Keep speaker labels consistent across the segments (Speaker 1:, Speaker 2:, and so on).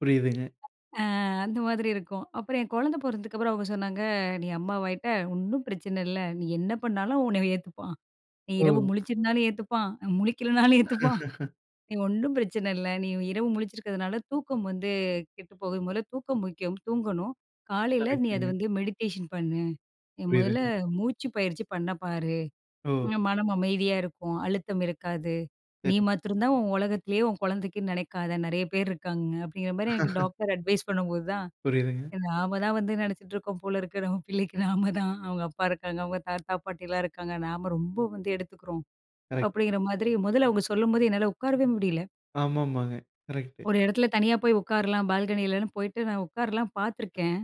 Speaker 1: புரியுதுங்க.
Speaker 2: அ அந்த மாதிரி இருக்கும். அப்புறம் என் குழந்தை பொறந்ததுக்கு அப்புறம், அவங்க சொன்னாங்க. "நீ அம்மாவாயிட்ட, ஒண்ணும் பிரச்சனை இல்லை. நீ என்ன பண்ணாலும் அவன் உன்னை அவன் ஏத்துப்பான். நீ
Speaker 1: ஓ.
Speaker 2: இரவு முழிச்சிருந்தாலும் ஏத்துப்பான். முழிக்கலனாலும் ஏத்துப்பான். நீ ஒண்ணும் பிரச்சனை இல்லை. நீ இரவு முழிச்சிருக்கிறதுனால, தூக்கம் வந்து கெட்டு போகுது. முதல்ல தூக்கம் முக்கியம், தூங்கணும். காலைல, நீ அத
Speaker 1: கரெக்டுங்க.
Speaker 2: வந்து மெடிடேஷன் பண்ணு. நீ முதல்ல
Speaker 1: புரியுதுங்க.
Speaker 2: மூச்சு பயிற்சி பண்ண பாரு.
Speaker 1: ஓ!
Speaker 2: [unintelligible] மனம் அமைதியா இருக்கும். அழுத்தம் இருக்காது. நீ
Speaker 1: சரிங்க.
Speaker 2: மாத்தரம் தான் உன் உலகத்திலேயே உன் குழந்தைக்குன்னு நினைக்காத. நெறைய பேரு இருக்காங்க." அப்டிங்கிற மாரி எனக்கு டாக்டர் அட்வைஸ் பண்ணும்போது தான்,
Speaker 1: புரியுதுங்க.
Speaker 2: நாம தான் வந்து நெனைச்சிட்ருக்கோம் போல இருக்கு, "நம்ம பிள்ளைக்கு நாம தான். அவங்க அப்பா இருக்காங்க. அவங்க தாத்தா, பாட்டிலாம் இருக்காங்க. நாம ரொம்ப வந்து எடுத்துக்குறோம்."
Speaker 1: கரெக்ட்டுங்க.
Speaker 2: அப்படிங்கிற மாதிரி மொதல்ல அவங்க சொல்லும்போது, என்னால உட்காரவே முடியல.
Speaker 1: ஆமாமாங்க. கரெக்ட்டு.
Speaker 2: ஒரு இடத்துல தனியா போய் உட்காரலாம், பால்கனிலன்னு போயிட்டு நான் உட்காரல்லாம் பார்த்துருக்கேன்.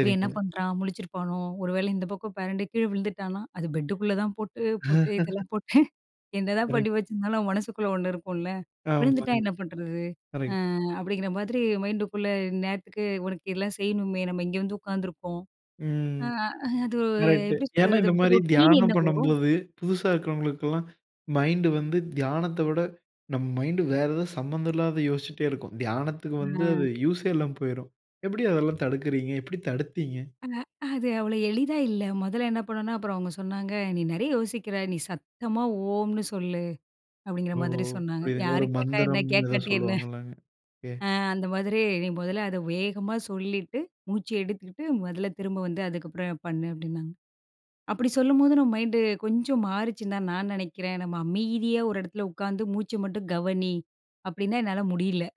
Speaker 2: இவன் என்ன பண்றான்? முழிச்சிருப்பானோ? ஒரு வேளை இந்த பக்கம் பெரண்டு கீழ விழுந்துட்டான்னா அது பெட்டுக்குள்ள தான் போட்டு போட்டு இதெல்லாம் போட்டேன். என்னதான்
Speaker 1: கரெக்ட்.
Speaker 2: பண்ணி வச்சிருந்தாலும், நம்ம மனசுக்குள்ள ஒண்ணு இருக்கும்ல்ல.
Speaker 1: ஆமா.
Speaker 2: "விழுந்துட்டா
Speaker 1: [unintelligible]
Speaker 2: என்ன பண்ணுறது?" அ
Speaker 1: கரெக்ட்.
Speaker 2: அப்படிங்கிற மாதிரி மைண்டுக்குள்ள. "இந்நேரத்துக்கு உனக்கு இதெல்லாம் செய்யணுமே! நம்ம இங்க வந்து உட்காந்துருக்கோம்." அ
Speaker 1: ம்.
Speaker 2: அது
Speaker 1: கரெக்ட்டு.
Speaker 2: எப்படி
Speaker 1: ஏன்னா,
Speaker 2: சொல்றது? அது
Speaker 1: இந்த
Speaker 2: அப்படி
Speaker 1: மாரி
Speaker 2: ரொட்டீன்
Speaker 1: தியானம்
Speaker 2: என்னவோ
Speaker 1: பண்ணும்போது, புதுசா இருக்கிறவங்களுக்குலாம் மைண்டு வந்து தியானத்த விட, நம்ம மைண்டு வேற ஏதோ, சம்மந்தம் இல்லாதத யோசிச்சுட்டே இருக்கும். தியானத்துக்கு வந்து
Speaker 2: அ.
Speaker 1: அது யூசே இல்லாம போய்ரும். எப்படி அதெல்லாம் தடுக்குறீங்க? எப்படி தடுத்தீங்க?
Speaker 2: அ அது அவ்வளோ எளிதா இல்ல. மொதல்ல என்ன பண்ணனுன்னா அப்புறம் அவங்க சொன்னாங்க, "நீ நெறைய யோசிக்கிற. நீ சத்தமா ஓம்ன்னு சொல்லு." அப்பிடீங்கிற
Speaker 1: ஓ!
Speaker 2: மாதிரி சொன்னாங்க.
Speaker 1: புரியுதுங்க.
Speaker 2: "யாரு
Speaker 1: ஒரு
Speaker 2: கேட்டா என்ன?
Speaker 1: மந்திரம் ஏதோ
Speaker 2: கேட்காட்டி என்ன?
Speaker 1: சொல்லுவாங்கல்லங்க. ஓகே.
Speaker 2: ஆ அந்த மாதிரி நீ முதல்ல அதை வேகமா சொல்லிட்டு, மூச்சு எடுத்துகிட்டு முதல்ல, திரும்ப வந்து அதுக்கப்புறம் பண்ணு." அப்படின்னாங்க. அப்படி சொல்லும்போது, நம்ம மைண்டு கொஞ்சம் மாறுச்சுன்னு தான், நான் நெனைக்கிறேன். நம்ம "அமைதியா ஒரு இடத்துல உட்காந்து மூச்சை மட்டும் கவனி." அப்படின்னா, என்னால முடியல.